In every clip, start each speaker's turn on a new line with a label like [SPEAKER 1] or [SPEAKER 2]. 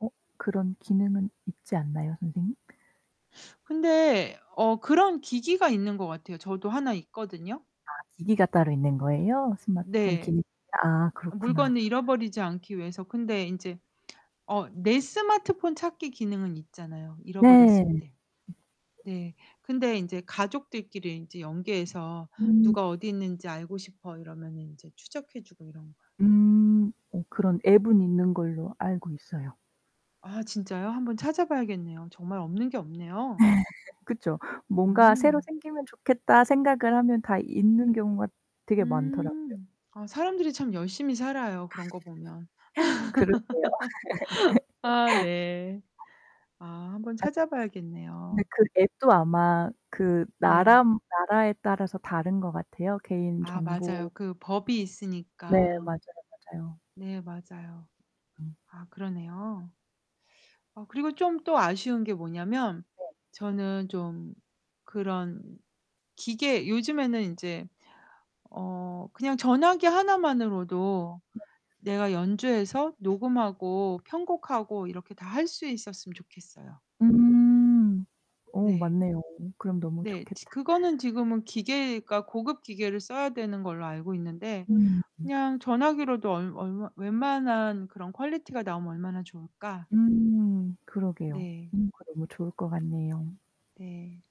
[SPEAKER 1] 어 그런 기능은 있지 않나요, 선생님?
[SPEAKER 2] 근데 어 그런 기기가 있는 것 같아요. 저도 하나 있거든요.
[SPEAKER 1] 아 기기가 따로 있는 거예요? 스마트폰
[SPEAKER 2] 네.
[SPEAKER 1] 기기. 아
[SPEAKER 2] 아
[SPEAKER 1] 그렇구나.
[SPEAKER 2] 물건을 잃어버리지 않기 위해서. 근데 인제 어 내 스마트폰 찾기 기능은 있잖아요, 잃어버렸을
[SPEAKER 1] 네.
[SPEAKER 2] 때. 네. 근데 인제 가족들끼리 인제 연계해서
[SPEAKER 1] 음.
[SPEAKER 2] '누가 어디 있는지 알고 싶어.' 이러면은 인제 추적해 주고 이런 거요.
[SPEAKER 1] 음. 어 그런 앱은 있는 걸로 알고 있어요.
[SPEAKER 2] 아 진짜요? 한번 찾아 봐야겠네요. 정말 없는 게 없네요.
[SPEAKER 1] 네. 그쵸. '뭔가 새로
[SPEAKER 2] 음.
[SPEAKER 1] 생기면 좋겠다.' 생각을 하면 다 있는 경우가 되게 많더라고요.
[SPEAKER 2] 음. 아 사람들이 참 열심히 살아요, 그런 거 보면.
[SPEAKER 1] 그러게요.
[SPEAKER 2] 아 네. 아 한번
[SPEAKER 1] 아.
[SPEAKER 2] 찾아
[SPEAKER 1] 근데
[SPEAKER 2] 봐야겠네요.
[SPEAKER 1] 그 앱도 아마 그
[SPEAKER 2] 네.
[SPEAKER 1] 나람 나라에 따라서 다른 것 같아요. 개인
[SPEAKER 2] 아 맞아요.
[SPEAKER 1] 정보
[SPEAKER 2] 그 법이
[SPEAKER 1] 네.
[SPEAKER 2] 있으니까.
[SPEAKER 1] 맞아요, 맞아요.
[SPEAKER 2] 네. 맞아요.
[SPEAKER 1] 음.
[SPEAKER 2] 아 그러네요. 어 그리고 좀 또 아쉬운 게 뭐냐면
[SPEAKER 1] 네.
[SPEAKER 2] 저는 좀 그런 기계 요즘에는 인제 어 그냥 전화기 하나만으로도
[SPEAKER 1] 네.
[SPEAKER 2] 내가 연주해서 녹음하고 편곡하고 이렇게 다 할 수 있었음 좋겠어요.
[SPEAKER 1] 음. 어
[SPEAKER 2] 네.
[SPEAKER 1] 맞네요. 그럼 너무
[SPEAKER 2] 네. 지
[SPEAKER 1] 좋겠다.
[SPEAKER 2] 그거는 지금은 기계가 고급 기계를 써야 되는 걸로 알고 있는데
[SPEAKER 1] 음.
[SPEAKER 2] 그냥 전화기로도 얼 얼마 웬만한 그런 퀄리티가 나오면 얼마나 좋을까?
[SPEAKER 1] 음. 그러게요.
[SPEAKER 2] 네.
[SPEAKER 1] 음 그거 너무 좋을 것 같네요.
[SPEAKER 2] 네.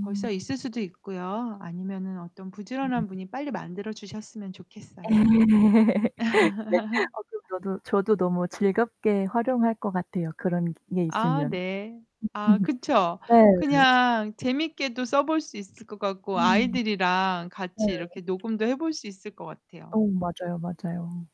[SPEAKER 2] 벌써 있을 수도 있고요. 아니면은 어떤
[SPEAKER 1] 음.
[SPEAKER 2] 부지런한 분이 빨리 만들어 주셨으면 좋겠어요.
[SPEAKER 1] 어 그럼 저도 저도 너무 즐겁게 활용할 것 같아요. 그런 기계
[SPEAKER 2] 아
[SPEAKER 1] 있으면.
[SPEAKER 2] 네. 아 그쵸.
[SPEAKER 1] 네.
[SPEAKER 2] 그냥 재밌게도 써 볼 수 있을 것 같고
[SPEAKER 1] 음.
[SPEAKER 2] 아이들이랑
[SPEAKER 1] 네.
[SPEAKER 2] 같이 이렇게 녹음도 해 볼 수 있을 것
[SPEAKER 1] 어.
[SPEAKER 2] 같아요.
[SPEAKER 1] 맞아요, 맞아요.